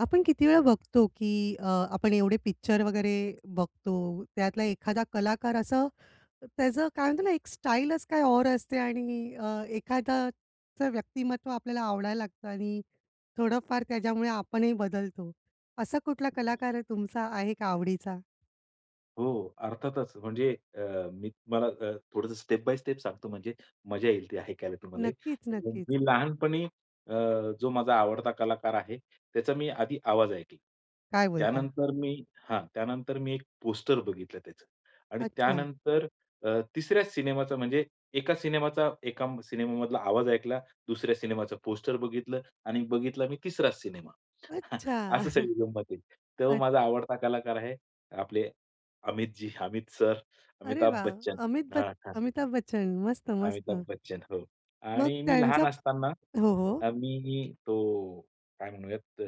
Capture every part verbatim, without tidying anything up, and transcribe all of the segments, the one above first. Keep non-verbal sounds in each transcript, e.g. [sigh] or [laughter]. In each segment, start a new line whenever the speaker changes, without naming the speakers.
आपण किती वेळा बघतो, की अ, आपण एवढे पिक्चर वगैरे बघतो त्यातला एखादा कलाकार असं, त्याचं काय म्हणतात ना एक स्टाईलच काही और असते आणि अ, एखाद्याचं व्यक्तिमत्त्व आपल्याला आवडायला लागतं आणि थोडंफार त्याच्यामुळे आपणही बदलतो. असा कुठला कलाकार आहे तुमचा आहे का आवडीचा?
हो, हो. अर्थातच. म्हणजे अ, मी तुम्हाला अ, थोडंसं स्टेप-बाय-स्टेप सांगतो म्हणजे मजा येईल ते ऐकायला तुम्हालाही.
नक्कीच,
[unintelligible]
नक्कीच.
मी लहानपणी अ, जो माझा आवडता कलाकार आहे त्याचा मी आधी आवाज ऐकला.
काय बोलता?
त्यानंतर मी हां. त्यानंतर मी एक पोस्टर बघितलं त्याचं. आणि
अच्छा.
त्यानंतर अ, तिसऱ्या सिनेमाचा म्हणजे, एका सिनेमाचा एका सिनेमामधला आवाज ऐकला, दुसऱ्या सिनेमाचं पोस्टर बघितलं आणि बघितला मी तिसराच सिनेमा. [chuckles]
अच्छा!
असं
[chuckles]
सगळी गंमत आहे. तेव्हा
अ
माझा आवडता कलाकार आहे, आपले अमितजी, अमित सर,
अरे
अमिताभ
वाह!
बच्चन.
अमित ब
हां, हां.
अमिताभ बच्चन.
अमिताभ
मस्त-मस्त.
बच्चन. हो.
मग
आणि मी
त्यांचा
लहान असताना,
हो, हो.
अ, मी, तो काय म्हणूयात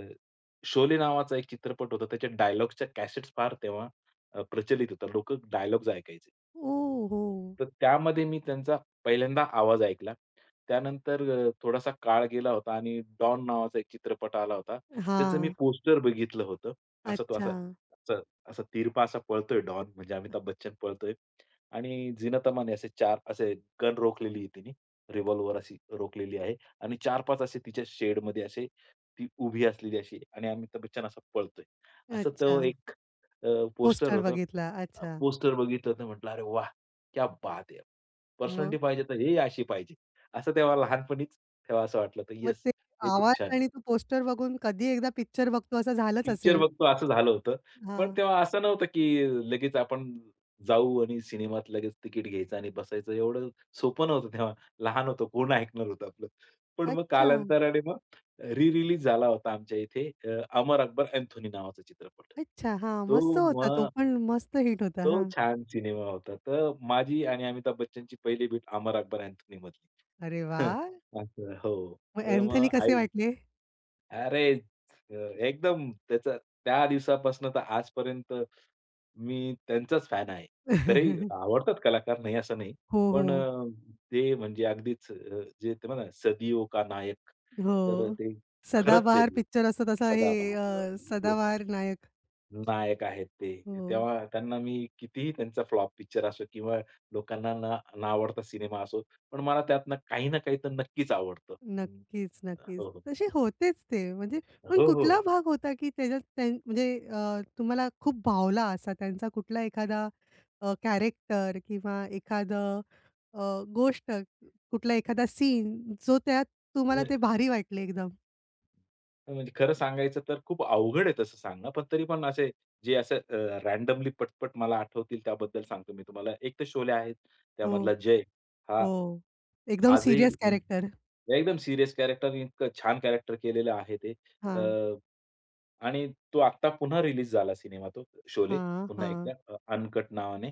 शोले नावाचा एक चित्रपट होता त्या डायलॉग च्या कॅसेटस् फार तेव्हा प्रचलित अ, होता लोकं डायलॉग्स ऐकायचे.
ओ हो!
तर त्यामध्ये मी त्यांचा पहिल्यांदा आवाज ऐकला. त्यानंतर अ, थोडासा काळ गेला होता आणि डॉन नावाचा एक चित्रपट आला होता. त्याचं मी
हां.
पोस्टर बघितलं होतं. असं तो असा,
अच्छा.
असा असा, तिरपा असा पळतोय डॉन म्हणजे अमिताभ बच्चन पळतोय. आणि झीनत अमानने असे चार असे, गन रोखलेली आहे तिने, रिव्हॉल्वर अशी रोखलेली आहे. आणि चार-पाच असे तिच्या शेडमध्ये असे, ती उभी असलेली अशी आणि अमिताभ बच्चन असा पळतोय, असं तो
अच्छा.
एक अ, पोस्टर
पोस्टर
होतं.
बघितला. अच्छा.
पोस्टर बघितलं तर म्हंटलं "अरे वाह! क्या बात है! पर्सनॅलिटी
मग?
पाहिजे तर हे अशी पाहिजे." असं तेव्हा लहानपणीच तेव्हा असं वाटलं होतं.
मग
येस
ते,
हे
आवाज
खूप छान आहे.
आणि तो पोस्टर बघून कधी एकदा पिक्चर बघतो असं झालंच
पिक्चर
असेल.
बघतो असं झालं होतं, पण
हां.
तेव्हा असं नव्हतं, की लगेच आपण जाऊ आणि सिनेमात लगेच तिकीट घ्यायचं आणि बसायचं एवढं सोपं नव्हतं तेव्हा. लहान होतो कोण ऐकणार होतं आपलं. पण मग
अच्छा.
कालांतराने मग रि-रिलीज झाला होता आमच्या इथे अ, अमर अकबर-अँथोनी नावाचा चित्रपट.
अच्छा. हां, मस्त
तो
होता तो
मग,
पण मस्त हिट होता.
तो
हां.
छान सिनेमा होता. तर माझी आणि अमिताभ बच्चनची पहिली भेट अमर-अकबर-अँथोनी मधली.
अरे
[chuckles]
वाह!
असं हो.
मग
तर मग
अँथोनी कसे
आई
वाटले?
अरे, एकदम त्याचा त्या दिवसापासून तर आजपर्यंत, मी त्यांचाच फॅन आहे. इतरही
[laughs]
आवडतात कलाकार नाही असं नाही.
हो,
पण
हो.
अ, ते म्हणजे अगदीच जे ते म्हणातात ना सदियो का नायक
हो.
तर ते खरंच आहे
सदाबहार
ते.
पिक्चर असतो तसा हे,
सदाबहार अ,
अ,
येस,
सदाबहार नायक.
नायक आहेत ते,
हो.
तेव्हा त्यांना मी कितीही त्यांचा फ्लॉप पिक्चर असो किंवा लोकांना न न आवडता सिनेमा असो, पण मला त्यातनं काही ना काही तर नक्कीच आवडतं. [unintelligible]
नक्कीच, नक्कीच.
हो, हो.
तसे होतेच ते म्हणजे पण
हो, हो.
कुठला भाग होता, की त्याच्यात त्यां म्हणजे अ, तुम्हाला खूप भावला असा त्यांचा कुठला एखादा, अ, कॅरेक्टर किंवा एखादं अ, गोष्ट कुठला एखादा सीन, जो त्यात तुम्हाला ते
[unintelligible]
भारी वाटले एकदम?
अ, म्हणजे खरं सांगायचं तर खूप अवघड आहे तसं सांगण. पण तरी पण असे, जे असे अ, रॅन्डमली पटपट मला आठवतील त्याबद्दल सांगतो मी तुम्हाला. एक तर शोले आहे,
हो.
त्यामधला जय हा,
हो. एकदम
आजही
सिरियस
हं,
कॅरक्टर.
एकदम एकदम सिरियस कॅरक्टर इतकं छान कॅरक्टर केलेलं आहे ते.
हां.
अ, आणि तो आत्ता पुन्हा रीलीज झाला सिनेमा तो शोले
हां,
पुन्हा एकदा
हां.
अ, अनकट नावाने.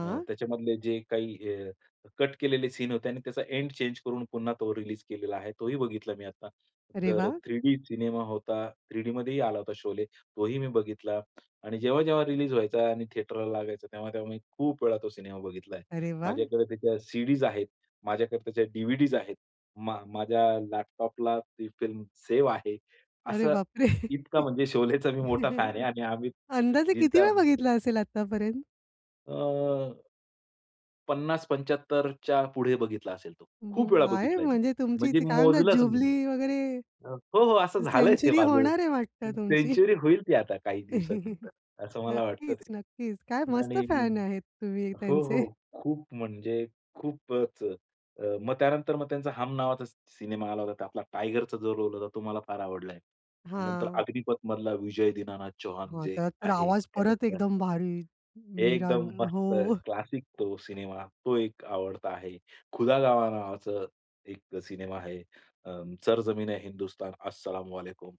अ, त्याच्यामधले जे काही अ, कट केलेले सीन होते आणि त्याचा एंड चेंज करून पुन्हा तो रिलीज केलेला आहे तोही बघितला मी आता.
अरे
तर
वा!
थ्री डी सिनेमा होता थ्री डीमध्येही आला होता शोले, तोही मी बघितला आणि जेव्हा-जेव्हा रिलीज व्हायचा आणि थेटरला लागायचा तेव्हा-तेव्हा मी खूप वेळा तो सिनेमा बघितला आहे.
अरे वा!
माझ्याकडे त्या सी-डीज आहेत माझ्याकडे त्या डी-व्ही-डीज आहेत. मा माझ्या लॅपटॉपला ती फिल्म सेव्ह आहे,
अरे
असं
बापरे!
इतका म्हणजे शोलेचा मी मोठा फॅन आहे आणि आम्ही
अंदाजे किती
जिता
वेळा
[unintelligible]
बघितला असेल आतापर्यंत?
अ पन्नास पंच्याहत्तर च्या पुढे बघितला असेल तो,
हं,
खूप
हं.
वेळा
आहे
बघितला मी.
म्हणजे तुमची
म्हणजे
ती काय म्हणतात,
मोजलच नाही मी.
जुबली वगैरे.
अ, हो, हो. असं झालंय ते
सेंचुरी
माझं
होणार आहे वाटतं
हं,
तुमची.
सेंच्युरी होईल ती आता काही दिवसानंतर,
[chuckles]
असं मला वाटतं
नक्कीच,
ते.
नक्कीच. काय मस्त
आणि
फॅन आहेत तुम्ही
हो, हो.
त्यांचे.
खूप म्हणजे खूपच अ, अ, मग त्यानंतर मग त्यांचा हम नावाचा सिनेमा आला होता. आपला टायगरचा जो रोल होता तो मला फार आवडला आहे. अ, नंतर
हां.
अग्निपथ मधला विजय दीनानाथ चौहान
हां.
जे
त्यात तर
आहे
आवाज परत
कॅरेक्टर.
एकदम भारी
एकदम
मिरान. हो.
मस्त
[chuckles]
क्लासिक तो सिनेमा. तो एक आवडता आहे. खुदा गवाह नावाचं, एक सिनेमा आहे, अं, सर जमीन आहे हिंदुस्तान अस्सलाम वालेकुम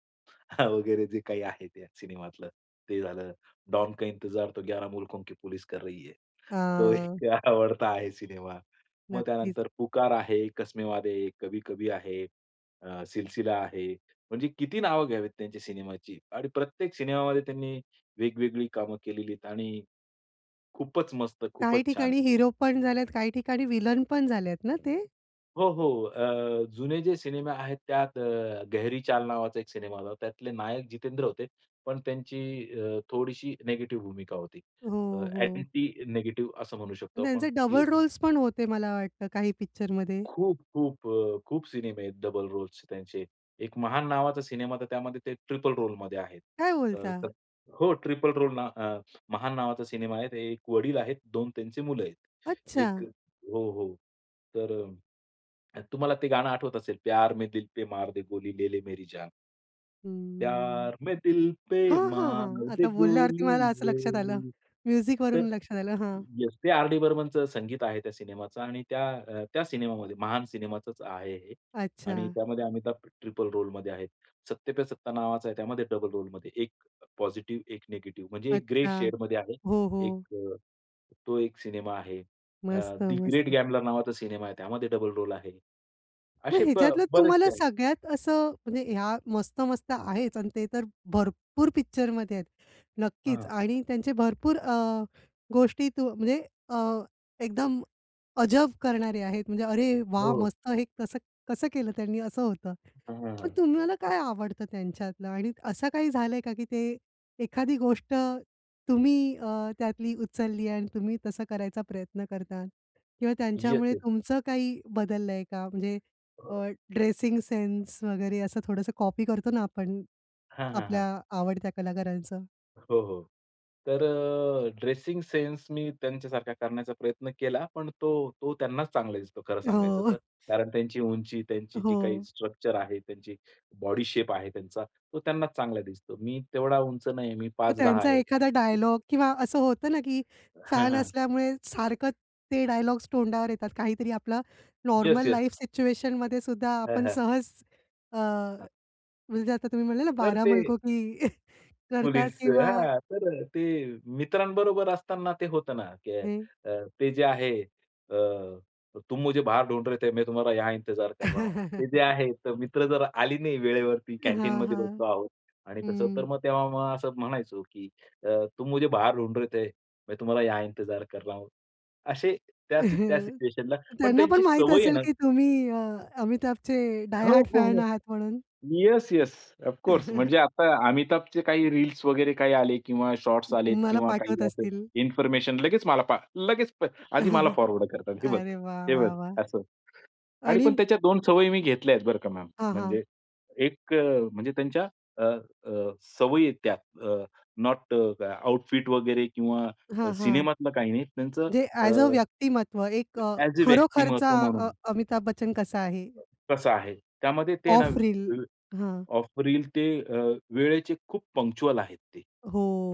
वगैरे जे काही आहे ते सिनेमातलं ते झालं. डॉन का इंतजार तो ग्यारह मुल्कों, की पुलिस कर रही है. तो
हां.
एक आवडता आहे सिनेमा. मग
नक्कीच.
त्यानंतर पुकार आहे, कसमे वादे, कभी कभी आहे, अ, सिलसिला आहे. म्हणजे किती नावं घ्यावेत त्यांच्या सिनेमाची आणि प्रत्येक सिनेमामध्ये त्यांनी वेगवेगळी कामं केलेली आहेत आणि खूपच मस्त
काही
खूपच छान.
ठिकाणी हीरो पण झाले, काही ठिकाणी विलन पण झाल्यात ना ते?
हो, हो, अ, जुने जे सिनेमा आहेत त्यात अ, गेहरी चाल नावाचा एक सिनेमा आला होता. त्यातले नायक जितेंद्र होते, पण त्यांची अ, थोडीशी नेगेटिव्ह भूमिका होती. अ,
हो, हो.
ॲक्टिंग नेगेटिव्ह असं म्हणू शकतो आपण
त्यांचे
ती
डबल
होती.
रोल्स पण होते मला वाटतं काही पिक्चरमध्ये.
खूप, खूप अ, खूप सिनेमे आहेत डबल रोल्स चे त्यांचे. एक महान नावाचा सिनेमा तर त्यामध्ये ते ट्रिपल रोल मध्ये आहे.
काय
अ
बोलता?
हो, ट्रिपल रोल ना अ, महान नावाचा सिनेमा आहे, ते एक वडील आहेत, दोन त्यांची मुलं आहेत. एक
अच्छा!
हो, हो. तर अ, अ, तुम्हाला ते गाणं आठवत असेल, प्यार में दिल पे मार दे गोली, ले ले मेरी जान.
हं.
प्यार में दिल पे
हां, हां,
मार
हां.
दे
आता बोलल्यावरती
गोली
मला असं
ले
लक्षात आलं.
ले,
म्युजिक
तर
वरून लक्षात आलं हां.
येस, ते आर. डी. बर्मनचं संगीत आहे त्या सिनेमाचं आणि त्या अ, त्या सिनेमामध्ये महान सिनेमाचाच आहे हे आणि
अच्छा.
त्यामध्ये अमिताभ ट्रिपल रोल मध्ये आहे. सत्ते पे सत्ता नावाचा आहे त्यामध्ये डबल रोल मध्ये एक पॉझिटिव्ह, एक नेगेटिव्ह म्हणजे एक ग्रे
अच्छा.
शेड मध्ये आहे.
हो,
एक
हो.
अ, तो एक सिनेमा आहे. अ,
मस्त!
दि ग्रेट
मस्त!
ग्यामलर नावाचा सिनेमा आहे त्यामध्ये डबल रोल आहे.
मग
असे ब
ह्याच्यातलं तुम्हाला
बरेचसे आहेत.
सगळ्यात असं म्हणजे ह्या मस्त-मस्त आहेच आणि ते तर भरपूर पिक्चरमध्ये आहेत. नक्कीच
हां.
आणि त्यांचे भरपूर अ, गोष्टीतून म्हणजे अ, एकदम, अजब करणारे आहेत म्हणजे अरे वाह!
हो.
मस्त हे कसं कसं केलं त्यांनी? असं होतं. पण
हां.
तुम्हाला काय आवडतं त्यांच्यातलं? आणि असं काही झालंय का की ते एखादी गोष्ट तुम्ही अ, त्यातली उचलली आणि तुम्ही तसं करायचा प्रयत्न करतात किंवा त्यांच्यामुळे
येस-येस.
तुमचं काही बदललंय का? म्हणजे अ, ड्रेसिंग सेन्स वगैरे असं थोडंसं कॉपी करतो ना आपण,
हां, हां,
आपल्या
हां.
आवडत्या कलाकारांचं?
हो, हो. तर अ, ड्रेसिंग सेन्स मी त्यांच्यासारखा करण्याचा प्रयत्न केला पण तो तो त्यांनाच चांगला दिसतो खरं सांगायचं
हो.
तर.
[chuckles]
कारण त्यांची उंची, त्यांची जी काही
हो.
स्ट्रक्चर आहे, त्यांची बॉडी शेप आहे त्यांचा, तो त्यांनाच चांगला दिसतो. मी तेवढा उंच नाही आहे, मी
मग
पाच दहा
त्यांचा
आहे.
एखादा डायलॉग किंवा असं होतं ना, की
हां,
फॅन
हां.
असल्यामुळे सारखं ते डायलॉग्स तोंडावर येतात. काहीतरी आपलं नॉर्मल
येस-येस.
लाईफ सिच्युएशन मध्येसुद्धा
हां,
आपण
हां.
सहज अ,
हं.
म्हणजे आता तुम्ही म्हणले ना,
तर
बारह
ते
मुलकों की [chuckles] करतात
पुलिस
किंवा
हां. तर अ, ते मित्रांबरोबर असताना ते होतं ना, की
हे.
अ, ते जे आहे अ, तुम मुझे बाहर ढूंढ रहे थे, मैं तुम्हाला यहाँ इंतजार कर रहा हूँ. ते जे
[chuckles]
आहे तर मित्र जर आली नाही वेळेवरती
हां,
कँटीनमध्ये बसलो
हां,
आहोत आणि तसं तर
हं.
मग तेव्हा मला असं म्हणायचो की अ, तुम मुझे बाहर ढूंढ रहे थे, मैं तुम्हाला या इंतजार कर रहा हूँ. असे त्या सी त्या
[chuckles]
सिच्युएशनला पण
त्यांना पण
त्यांची
माहीत
सवय आहे
असेल
ना
की तुम्ही अ, अमिताभचे डाय
हो,
हार्ट
हो,
फॅन
हो.
आहात म्हणून.
Yes, yes. Of course. म्हणजे
[chuckles]
आता अमिताभचे काही रील्स वगैरे काही आले किंवा शॉट्स आलेत
तुम्हाला
किंवा
पाठवत
काही
असतील?
इन्फॉर्मेशन लगेच मला पाठ लगेच प आधी मला
[chuckles]
फॉरवर्ड करतात. हे बघ,
अरे वाह!
हे बघ,
वाह! वाह!
असं आणि
आणि
पण त्याच्या दोन सवयी मी घेतल्या आहेत बरं का मॅम,
हां, हां.
म्हणजे एक अ, म्हणजे त्यांच्या अ, अ, सवयी आहेत त्या अ, नोट अ, आउटफिट वगैरे किंवा
हां, हां.
सिनेमातलं काही नाही त्यांचं
जे
अ,
ॲज अ
अ,
व्यक्तिमत्व एक अ,
ॲज अ
खरोखरचा
व्यक्तिमत्व
अ,
म्हणून.
अमिताभ बच्चन कसा आहे?
तसं आहे. त्यामध्ये ते ना
ऑफ रील,
अ,
हां.
ऑफ रील ते अ, वेळेचे खूप पंक्चुअल आहेत ते.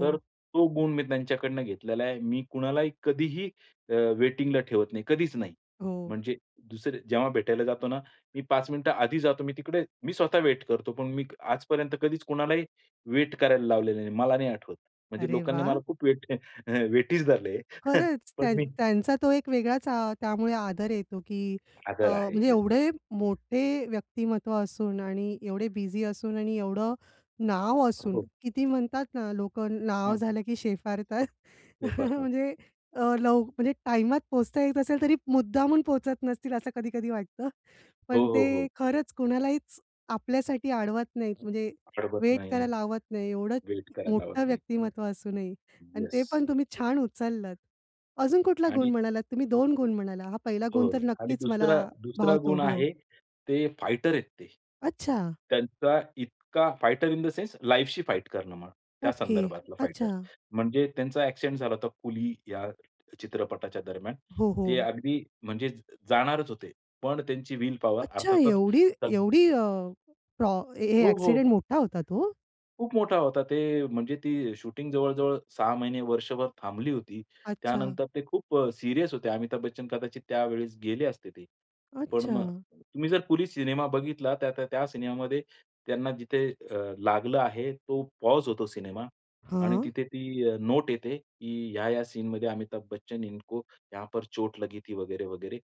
तर तो गुण मी त्यांच्याकडनं घेतलेला आहे. मी कुणालाही कधीही अ, वेटिंगला ठेवत नाही कधीच नाही.
हो.
म्हणजे दुसरे जेव्हा भेटायला जातो ना, मी पाच मिनिटं आधी जातो मी तिकडे मी स्वतः वेट करतो पण मी आजपर्यंत कधीच कोणालाही वेट करायला लावलेलं नाही, मला नाही आठवत. म्हणजे
अरे
लोकांनी
वाह!
मला खूप वेट अ, वेटीज धरले आहे,
खरंच,
पण
त्यां
मी
त्यांचा तो एक वेगळाच अ, त्यामुळे आदर येतो, की अ,
आदर आहे,
म्हणजे
येस.
एवढे मोठे व्यक्तिमत्त्व असून आणि एवढे बिझी असून आणि एवढं नाव
हो,
असून,
हो.
किती म्हणतात ना, लोकं नाव
हं.
झालं की शेफारतात अ,
शेफारतात.
म्हणजे अ, लव म्हणजे टाईमात पोहचता येत असेल तरी मुद्दामून पोहचत नसतील असं कधी-कधी वाटतं.
हो,
पण
हो,
ते
हो.
खरंच कुणालाहीच आपल्यासाठी अडवत नाहीत म्हणजे
अडवत
वेट
नाही.
करायला लावत नाही एवढं
वेट करायला लावत
मोठं
नाही.
व्यक्तिमत्व असूनही आणि ते
येस.
पण तुम्ही छान उचललात. अजून कुठला
आणि
गुण म्हणालात, तुम्ही दोन गुण म्हणालात. हा पहिला गुण
हो
तर
आणि
नक्कीच मला
दुसरा दुसरा
भावतो
गुण
हो.
आहे ते फायटर आहेत ते.
अच्छा!
त्यांचा इतका fighter in the sense life शी फाइट करणं म्हणा, त्या
ओके,
संदर्भातला फाइटर.
अच्छा!
म्हणजे त्यांचा ॲक्सिडेंट झाला होता कुली या चित्रपटाच्या दरम्यान,
हो,
ते
हो.
अगदी म्हणजे ज जाणारच होते पण त्यांची विल पॉवर
अच्छा!
अर्थातच
एवढी
तक
एवढी अ, प्रो हे हे
हो, हो.
ॲक्सिडेंट मोठा होता तो?
खूप मोठा होता ते म्हणजे ती शूटिंग जवळ-जवळ सहा महिने-वर्षभर थांबली होती.
अच्छा.
त्यानंतर ते खूप अ, सीरियस होते अमिताभ बच्चन कदाचित त्यावेळेस गेले असते ते. पण मग
अच्छा!
तुम्ही जर कुली सिनेमा बघितला त्या त्या त्या सिनेमामध्ये त्यांना जिथे अ, लागलं आहे तो पॉज होतो सिनेमा आणि
हां?
तिथे ती अ, नोट येते, की ह्या-ह्या सीनमध्ये अमिताभ बच्चन इनको यहाँ पर चोट लगी थी वगैरे-वगैरे.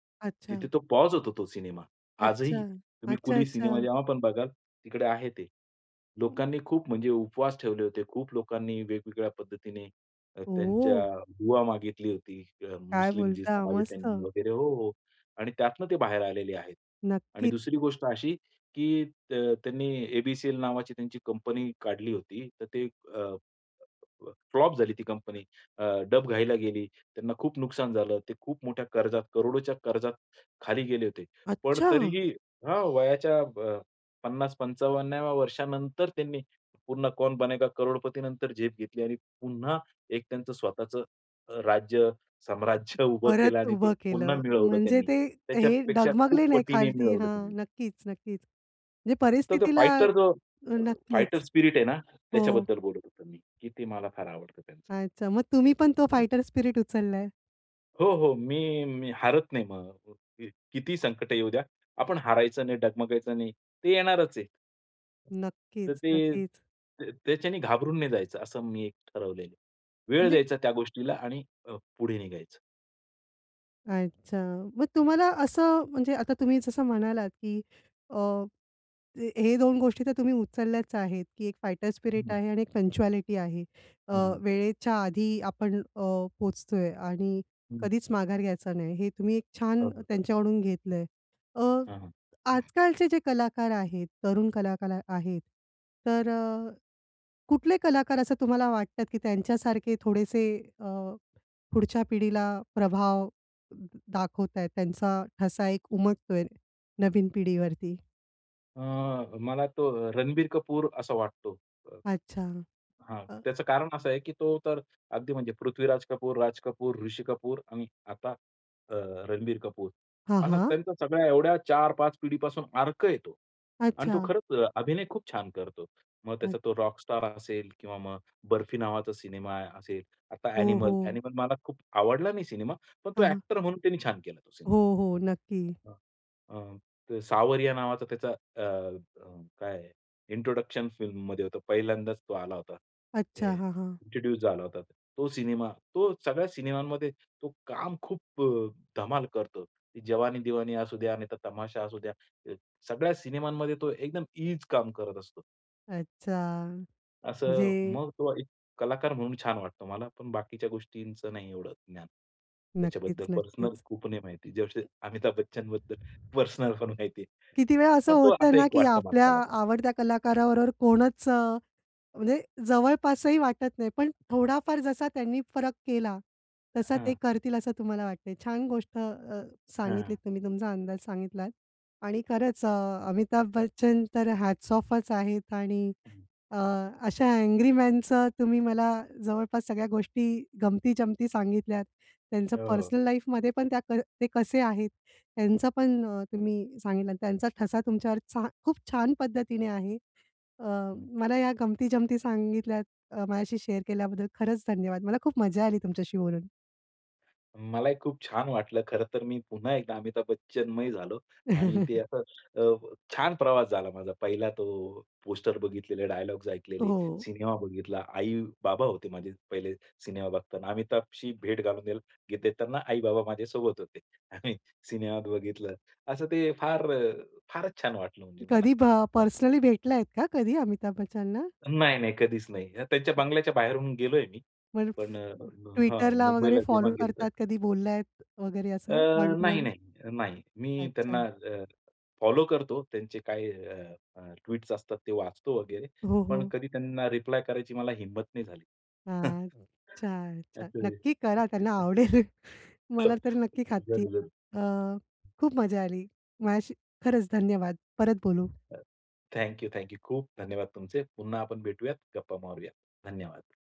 तिथे
अच्छा.
तो पॉज होतो तो सिनेमा.
अच्छा.
आजही. तुम्ही
अच्छा,
कुली सिनेमा
अच्छा.
जेव्हा पण बघाल, तिकडे आहे ते.
हं.
लोकांनी खूप म्हणजे उपवास ठेवले होते. खूप लोकांनी वेगवेगळ्या पद्धतीने अ, त्यांच्या
ओह!
दूवा मागितली होती. अ,
काय
मुस्लिम जी
बोलता?
समाज आहे त्यांनी
मस्त!
वगैरे हो, हो. आणि त्यातनं ते बाहेर आलेले आहेत. आणि
नक्की
दुसरी गोष्ट अशी, की अ, त्यांनी ए-बी-सी-एल नावाची त्यांची कंपनी काढली होती तर ते अ, अ, फ्लॉप झाली ती कंपनी अ, डबघाईला गेली. त्यांना खूप नुकसान झालं. ते खूप मोठ्या कर्जात, करोडोच्या कर्जात, खाली गेले होते. पण
अच्छा!
तरीही हां, वयाच्या अ, पन्नास पंचावन्नाव्या वर्षानंतर त्यांनी पुन्हा कौन बनेगा करोडपतीनंतर झेप घेतली आणि पुन्हा एक त्यांचं स्वतःचं राज्य, साम्राज्य उभं केलं
परत
आणि ते
उभं
पुन्हा
केलं.
मिळवलं
म्हणजे
त्यांनी
ते हे
त्याच्यापेक्षा खूप
डगमगले नाही
पटीने
खालती
मिळवलं
हां,
त्यांनी.
नक्कीच-नक्कीच म्हणजे
तर तो
परिस्थितीला
फाईटर जो, फाईटर
नक्कीच.
स्पिरीट आहे ना,
हो.
त्याच्याबद्दल बोलत होतो मी. की ते मला फार आवडतं त्यांचं.
अच्छा, मग तुम्ही पण तो
ठीक आहे.
फाईटर स्पिरीट उचलाय?
हो, हो. मी मी हारत नाही मग. किती संकट येऊ द्या आपण हारायचं नाही, डगमगायचं नाही, ते येणारच आहे. तर
नक्कीच,
ते
नक्कीच.
त्या त्याच्याने घाबरून नाही जायचं, असं मी ठरवलेलं आहे. वेळ
म्हणजे
द्यायचा त्या गोष्टीला आणि अ, पुढे निघायचं.
अच्छा. मग तुम्हाला असं म्हणजे आता तुम्ही जसं म्हणालात की अ, हे दोन गोष्टी तर तुम्ही उचलल्याच आहेत, की एक फायटर
हं,
स्पिरिट
हं.
आहे आणि एक पंक्चुअलिटी आहे. अ,
हं, हं.
वेळेच्या आधी आपण अ, पोहोचतोय आणि
हं.
कधीच माघार घ्यायचा नाही, हे तुम्ही एक
हो,
छान
हो.
त्यांच्याकडून घेतलंय. अ,
हां, हां.
आजकालचे जे कलाकार आहेत, तरुण कला कलाकार आहेत, तर अ, कुठले कलाकार असं तुम्हाला वाटतात की त्यांच्यासारखे थोडेसे अ, पुढच्या पिढीला प्रभाव दाखवताहेत, त्यांचा ठसा एक उमटतोय नवीन पिढीवरती?
अ, मला तो रणबीर कपूर असा वाटतो, अ,
अच्छा.
हां.
अ
त्याचं कारण असं आहे की तो तर अगदी म्हणजे पृथ्वीराज कपूर, राज कपूर, ऋषी कपूर आणि आता अ, रणबीर कपूर.
हां,
असा
हां.
त्यांचा सगळ्या एवढ्या चार पाच पिढीपासून अर्क आहे तो आणि तो
अच्छा.
खरंच अभिनय खूप छान करतो. मग त्याचा
अच
तो रॉक स्टार असेल किंवा मग बर्फी नावाचा सिनेमा असेल, आता
हो,
ॲनिमल.
हो.
ॲनिमल मला खूप आवडला नाही सिनेमा, पण तो
हां, हां.
ॲक्टर म्हणून त्यांनी छान केला तो सिनेमा.
हो, हो. नक्की.
अ, अ, सावरिया नावाचा त्याचा अ, अ, काय इंट्रोडक्शन फिल्ममध्ये होतं. पहिल्यांदाच तो आला होता. हे
अच्छा. हां, हां.
इंट्रोड्यूस झाला होता. तो सिनेमा तो सगळ्या सिनेमांमध्ये तो काम खूप अ, धमाल करतो. जवानी दिवानी असू द्या, नाहीतर तमाशा असू द्या. अ, सगळ्या सिनेमांमध्ये तो एकदम ईज काम करत असतो.
अच्छा.
असं
म्हणजे
मग तो एक कलाकार म्हणून छान वाटतो मला, पण बाकीच्या गोष्टींचं नाही एवढं ज्ञान.
नक्कीच,
त्याच्याबद्दल पर्सनल
नक्कीच.
खूप नाही माहिती. जसे अमिताभ बच्चनबद्दल पर्सनलपण माहिती आहे.
किती वेळा असं
पण तो
होतं
असं
ना,
एक
की
वाटतो
आपल्या
माणसाला तरी.
आवडत्या कलाकाराबरोबर कोणच अ, म्हणजे जवळपासही वाटत नाही, पण थोडाफार जसा त्यांनी फरक केला, तसा ते
हां.
करतील असं तुम्हाला वाटतं आहे. छान गोष्ट अ,
हां,
सांगितलीत
हां.
तुम्ही तुमचा अंदाज सांगितलात. आणि खरंच अ, अमिताभ बच्चन तर हॅट्स ऑफच आहेत आणि
हं.
अ, अशा अँग्री मॅनचं तुम्ही मला जवळपास सगळ्या गोष्टी, गमती-जमती सांगितल्यात. त्यांचं
हो, हो.
पर्सनल लाईफमध्ये पण त्या क ते कसे आहेत त्यांचं पण तुम्ही सांगितला. त्यांचा ठसा तुमच्यावरचा खूप छान पद्धतीने आहे. अ,
हं.
मला या गमती-जमती सांगितल्यात अ, माझ्याशी शेअर केल्याबद्दल खरंच धन्यवाद. मला खूप मजा आली तुमच्याशी बोलून.
मलाही खूप छान वाटलं. खरं तर मी पुन्हा एकदा अमिताभ बच्चनमय झालो आणि ते
[chuckles]
असं अ, छान प्रवास झाला माझा पहिला तो पोस्टर बघितलेले, डायलॉग्स ऐकलेले,
हो.
सिनेमा बघितला. आई-बाबा होते माझे पहिले सिनेमा बघताना. अमिताभशी भेट घालून द्याल देताना, आई-बाबा माझ्यासोबत होते आणि सिनेमात बघितलं. असं ते फार फारच छान वाटलं म्हणजे मला
कधी भ
हां.
पर्सनली भेटला आहेत का कधी अमिताभ बच्चन ना?
नाही, नाही. कधीच नाही. त्यांच्या बंगल्याच्या बाहेरून गेलोय मी.
पण
पण अ हां,
Twitterला वगैरे
मुंबईला जेव्हा
फॉलो
गेलतो.
करतात, कधी बोललात वगैरे
अ,
असं वन टू
नाही,
वन?
नाही, नाही. मी
अच्छा.
त्यांना अ, फॉलो करतो. त्यांचे काय अ, अ, ट्वीट्स असतात ते वाचतो वगैरे,
हो,
पण
हो.
कधी त्यांना रिप्लाय करायची मला हिम्मत नाही झाली. हं.
हां. अच्छा, अच्छा.
असं आहे.
नक्की करा त्यांना
[unintelligible]
आवडेल. मला तरी नक्की खात्री आहे. अ,
[unintelligible]
खूप मजा आली. माझ्याशी खरंच धन्यवाद. परत बोलू.
[unintelligible] Thank you. Thank you. खूप धन्यवाद तुमचे. पुन्हा आपण भेटूयात. गप्पा मारूयात. धन्यवाद.